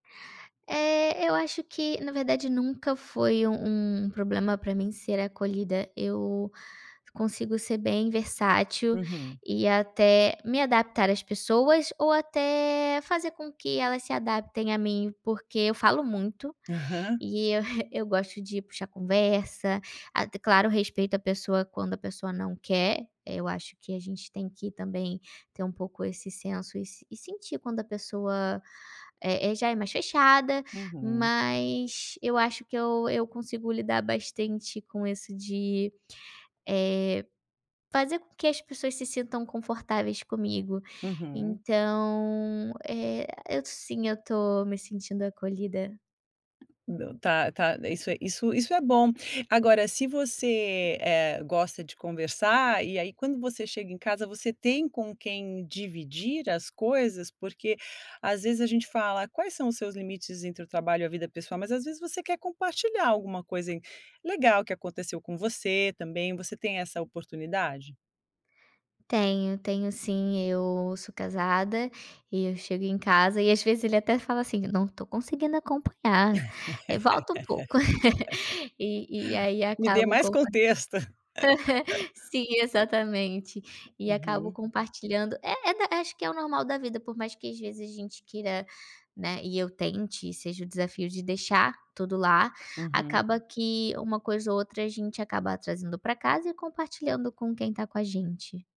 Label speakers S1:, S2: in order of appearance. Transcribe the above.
S1: Eh, eu acho que, na verdade, nunca foi um um problema pra mim ser acolhida, eu consigo ser bem versátil
S2: Uhum.
S1: e até me adaptar às pessoas ou até fazer com que elas se adaptem a mim, porque eu falo muito,
S2: Aham.
S1: e eu eu gosto de puxar conversa. Ah, claro respeito à pessoa quando a pessoa não quer, eu acho que a gente tem que também ter um pouco esse senso e sentir quando a pessoa, eh eh, já é mais fechada.
S2: Uhum.
S1: Mas eu acho que eu eu consigo lidar bastante com isso de, eh, fazer com que as pessoas se sintam confortáveis comigo.
S2: Uhum.
S1: Então, eh, eu sim, eu tô me sentindo acolhida.
S2: Tá, tá, e isso é isso. Agora, se você, eh, gosta de conversar e aí, quando você chega em casa, você tem com quem dividir as coisas? Porque, às vezes, a gente fala: "Quais são os seus limites entre o trabalho e a vida pessoal?", mas às vezes, você quer compartilhar alguma coisa legal que aconteceu com você também, você tem essa oportunidade?
S1: Tenho, tenho sim. Eu sou casada e eu chego em casa e, às vezes, ele até fala assim: "Não tô conseguindo acompanhar, volta um pouco." E e aí
S2: Me dê
S1: acabo
S2: mais
S1: compa
S2: contexto.
S1: sim, exatamente, e acabo
S2: Uhum.
S1: compartilhando. É da acho que é o normal da vida, por mais que, às vezes, a gente queira, né, e eu tente e seja o desafio de deixar tudo lá,
S2: Uhum.
S1: acaba que uma coisa ou outra a gente acaba trazendo pra casa e compartilhando com quem está com a gente.